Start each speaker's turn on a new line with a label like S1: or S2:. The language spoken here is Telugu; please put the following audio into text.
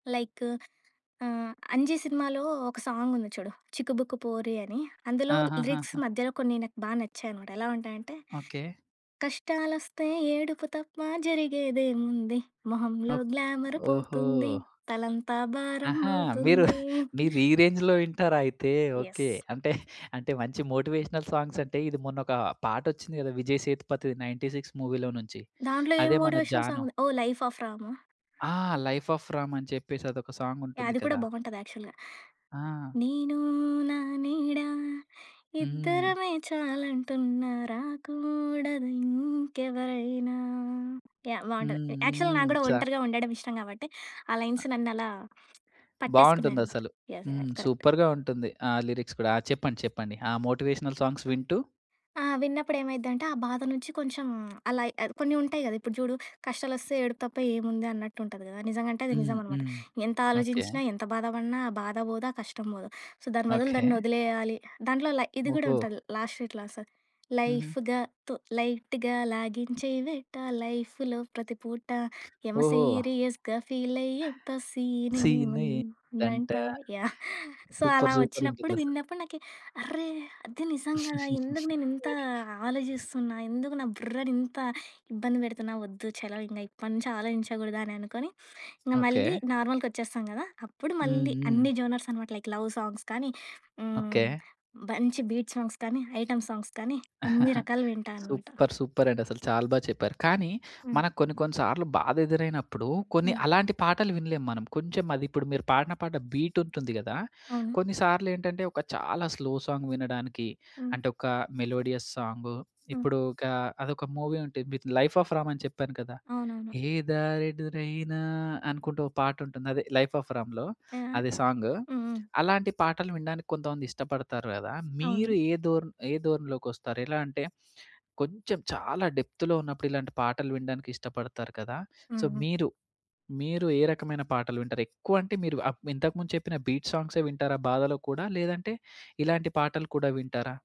S1: లైక్ ఆహ్, 'అంజీ' సినిమాలో ఒక సాంగ్ ఉంది చూడు. 'చిక్కుబుక్కు పోరి' అని. అందులో లిరిక్స్
S2: ఆహాహాహా!
S1: మధ్యలో కొన్ని నాకు బా నచ్చాయనమాట. ఎలా ఉంటాయంటే,
S2: ఓకే.
S1: కష్టాలు వస్తే ఏడుపు తప్ప జరిగేదేముంది. మొహంలో
S2: ఒక్
S1: గ్లామర్
S2: ఓహో!
S1: పోతుంది. తలంతా భారం
S2: ఆహా! మీరు
S1: అవుతుంది.
S2: మీరు ఈ రేంజ్‌లో వింటారా అయితే?
S1: Yes
S2: okay! అంటే అంటే మంచి మోటివేషనల్ సాంగ్స్ అంటే ఇది మొన్న ఒక పాట వచ్చింది గదా! 'విజయ్ సేతుపతిది.' 96 మూవీ‌లో నుంచి.
S1: దాంట్లో ఏం
S2: అదే మన
S1: మోటివేషనల్ సాంగ్
S2: 'జాను.'
S1: ఉంది. ఓహ్! 'లైఫ్ ఆఫ్ రామ్' ఆ?
S2: ఆ! 'లైఫ్ ఆఫ్ రామ్' అని చెప్పేసి అదొక సాంగ్
S1: యాహ్!
S2: ఉంటుంది
S1: అది కూడా
S2: కదా!
S1: బావుంటది యాక్చువల్‌గా.
S2: ఆ!
S1: నేను నా నీడ
S2: హ్మ్.
S1: ఇద్దరమే చాలంటున్న రాకూడదు ఇంకెవరైనా. యాహ్!
S2: హ్మ్.
S1: బావుంటది యాక్చువల్
S2: హ్మ్.
S1: నాకు కూడా
S2: చా
S1: ఒంటరిగా ఉండడం ఇష్టం కాబట్టి ఆ లైన్స్
S2: ఆ!
S1: నన్నలా
S2: బావుంటుంది
S1: పట్టేసుకున్నాయనమాట.
S2: అసలు.
S1: ఎస్,
S2: హ్మ్.
S1: కరెక్ట్.
S2: సూపర్‌గా ఉంటుంది. ఆ లిరిక్స్ కూడా. ఆ! చెప్పండి చెప్పండి. ఆ! మోటివేషనల్ సాంగ్స్ వింటూ?
S1: ఆ! విన్నప్పుడు ఏమైద్దంటే, ఆ బాధ నుంచి కొంచెం అలా ఆహ్, కొన్ని ఉంటాయి గదా, ఇప్పుడు చూడు కష్టాలు వస్తే ఏడుపు తప్ప ఏముంది అన్నట్టు ఉంటది గదా! నిజంగా అంటే అది
S2: హ్మ్.
S1: నిజం అనమాట.
S2: హ్మ్.
S1: ఎంత
S2: ఓకే.
S1: ఆలోచించినా ఎంత బాధ పడిన ఆ బాధ పోదు. ఆ కష్టం పోదు. సో, దాని బదులు
S2: ఓకే.
S1: దాన్ని వదిలేయాలి దాంట్లో లై ఇది గూడా
S2: ఓహో!
S1: ఉంటది. లాస్ట్‌లో ఇట్లా వస్తది.
S2: హుహు.
S1: లైఫ్‌గాతో లైట్‌గా లాగించేదెట్ట లైఫ్‌లో ప్రతి పూట యమ
S2: ఓహో!
S1: సీరియస్‌గా ఫీల్ అయ్యేంత సీన్
S2: సీన్
S1: ఏముందంట.
S2: ఏంటంటా?
S1: యాహ్! సో, అలా
S2: సూపర్! సూపర్! ఉంటుంది
S1: వచ్చినప్పుడు
S2: అసలు.
S1: విన్నప్పుడు నాకి అర్రే! అది నిజం గదా! ఎందుకు నేనింత ఆలోచిస్తున్నా? ఎందుకు నా బుర్రని ఇంత ఇబ్బంది పెడుతున్నా? వద్దు. చలో ఇంగ ఇప్పటినుంచి ఆలోచించగూడదు అని అనుకుని ఇంక మళ్ళీ
S2: ఓకే.
S1: నార్మల్‌గా వచ్చేస్తాం గదా! అప్పుడు
S2: హ్మ్.
S1: మళ్ళీ
S2: హ్మ్.
S1: అన్ని జోనర్స్ అనమాట లైక్ లవ్ సాంగ్స్ కానీ, హ్మ్.
S2: ఓకే.
S1: మంచి బీట్ సాంగ్స్ కానీ, ఐటెమ్ సాంగ్స్ కానీ అన్ని రకాలు వింటా అనమాట.
S2: సూపర్! సూపరండి. అసలు చాలా బా చెప్పారు. కానీ
S1: హ్మ్.
S2: మనకు కొన్ని కొన్ని సార్లు బాధ ఎదురైనప్పుడు కొన్ని
S1: హ్మ్.
S2: అలాంటి పాటలు వినలేం మనం. కొంచెం అది ఇప్పుడు మీరు పాడిన పాట బీట్ ఉంటుంది గదా!
S1: అవును.
S2: కొన్నిసార్లు ఏంటంటే ఒక చాలా స్లో సాంగ్ వినడానికి
S1: హ్మ్.
S2: అంటే ఒక మెలోడియస్ సాంగ్.
S1: హ్మ్.
S2: ఇప్పుడు ఒక అదొక మూవీ ఉంటుంది. 'లైఫ్ ఆఫ్ రామ్' అని చెప్పాను కదా.
S1: అవునవును.
S2: ఎదారె దురైన అనుకుంటూ ఒక పాట ఉంటుంది. అదే 'లైఫ్ ఆఫ్ రామ్‌లో.'
S1: యాహ్!
S2: అది సాంగ్.
S1: హ్మ్. హ్మ్.
S2: అలాంటి పాటలు వినడానికి కొంతమంది ఇష్టపడతారు గదా.
S1: అవును.
S2: మీరు ఏ ధోర ఏ ధోరణిలోకొస్తారు. ఎలా అంటే కొంచెం చాలా డెప్త్‌లో ఉన్నప్పుడు ఇలాంటి పాటలు వినడానికి ఇష్టపడతారు కదా! సో,
S1: హ్మ్.
S2: మీరు మీరు ఏ రకమైన పాటలు వింటారు? ఎక్కువ అంటే మీరు ఇంతకుముందు చెప్పిన బీట్ సాంగ్సే వింటారా బాధ‌లో కూడా? లేదంటే ఇలాంటి పాటలు కూడా వింటారా?